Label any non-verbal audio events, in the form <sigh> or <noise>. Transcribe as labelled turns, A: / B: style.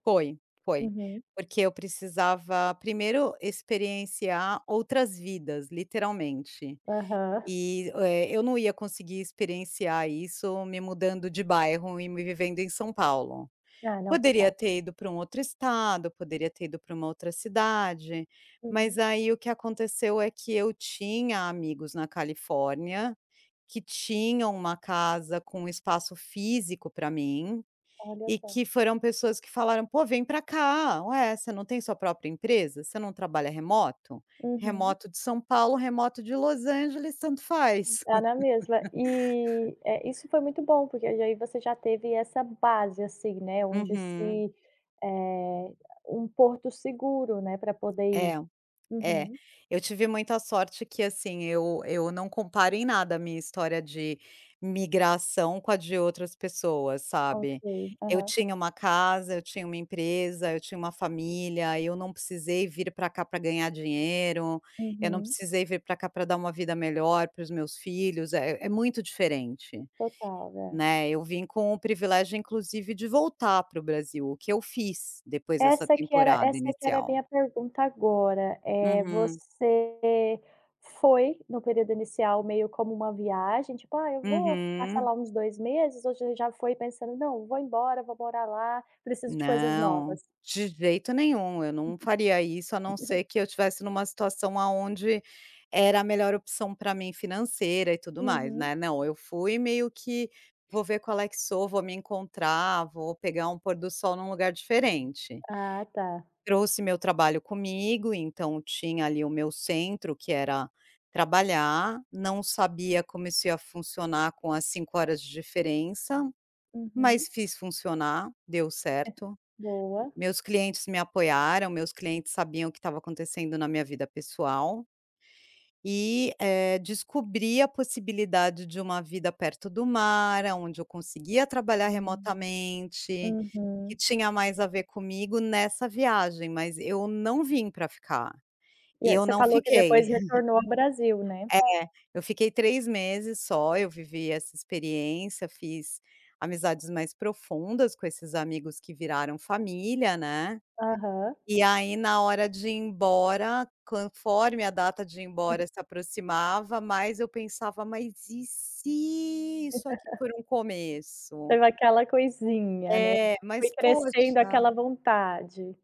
A: Foi, foi,
B: Uhum.
A: porque eu precisava primeiro experienciar outras vidas literalmente.
B: Aham.
A: E, eh, eu não ia conseguir experienciar isso me mudando de bairro e me vivendo em São Paulo.
B: Ah, não,
A: Poderia
B: total.
A: ter ido para um outro estado, poderia ter ido para uma outra cidade, mas
B: Uhum.
A: aí o que aconteceu é que eu tinha amigos na Califórnia, que tinham uma casa com espaço físico para mim,
B: Olha
A: e
B: só.
A: que foram pessoas que falaram: "Pô, vem para cá. Ué, você não tem sua própria empresa? Você não trabalha remoto?
B: Uhum.
A: Remoto de São Paulo, remoto de Los Angeles tanto faz".
B: Dá na mesma e é, isso
A: <laughs>
B: foi muito bom porque aí já você já teve essa base, assim, né, onde
A: Uhum.
B: se eh, um porto seguro, né, para poder
A: É.
B: ir.
A: É,
B: Uhum.
A: eu tive muita sorte que, assim, eu eu não comparo em nada a minha história de migração com a de outras pessoas,
B: Ok,
A: sabe. Eu
B: aham.
A: tinha uma casa, eu tinha uma empresa, eu tinha uma família, eu não precisei vir para cá para ganhar dinheiro, eu não
B: Uhum.
A: precisei vir para cá para dar uma vida melhor para os meus filhos, é é muito diferente.
B: Total, é.
A: Né, eu vim com o privilégio inclusive de voltar para o Brasil, o que eu fiz depois dessa
B: Essa que era
A: temporada
B: essa que era a
A: inicial.
B: minha pergunta agora, eh,
A: Uhum.
B: você foi no período inicial meio como uma viagem, tipo: "Ah, eu vou passar
A: Uhum.
B: lá uns 2 meses", ou você já foi pensando: "Não, vou embora, vou morar lá. Preciso de coisas
A: Não,
B: novas?".
A: de jeito nenhum eu não faria isso a não
B: <chuckles>
A: ser que eu estivesse em uma situação aonde era a melhor opção para mim financeira e tudo mais,
B: Uhum.
A: né. Não, eu fui meio que: "Vou ver qual é que sou, vou me encontrar, vou pegar um pôr do sol em um lugar diferente".
B: Ah, tá.
A: Trouxe meu trabalho comigo, então tinha ali o meu centro que era trabalhar, não sabia como isso ia funcionar com as 5 horas de diferença, mas
B: Uhum.
A: fiz funcionar, deu
B: É,
A: certo,
B: boa.
A: meus clientes me apoiaram, meus clientes sabiam o que estava acontecendo na minha vida pessoal e, eh, descobri a possibilidade de uma vida perto do mar, aonde eu conseguia trabalhar
B: Hum.
A: remotamente, que
B: Uhum.
A: tinha mais a ver comigo nessa viagem, mas eu não vim para ficar.
B: E
A: E
B: a
A: eu
B: você
A: não
B: falou que
A: fiquei.
B: depois retornou ao Brasil,
A: <chuckles>
B: né?
A: É, eu fiquei 3 meses só, eu vivi essa experiência, fiz amizades mais profundas com esses amigos que viraram família, né,
B: Aham.
A: e aí na hora de ir embora conforme a data de ir
B: Aham.
A: embora se aproximava mais eu pensava: "Mas e se isso aqui
B: <chuckles>
A: for um começo?"
B: Teve aquela coisinha, né,
A: É,
B: foi
A: mas
B: crescendo aquela
A: poxa.
B: vontade.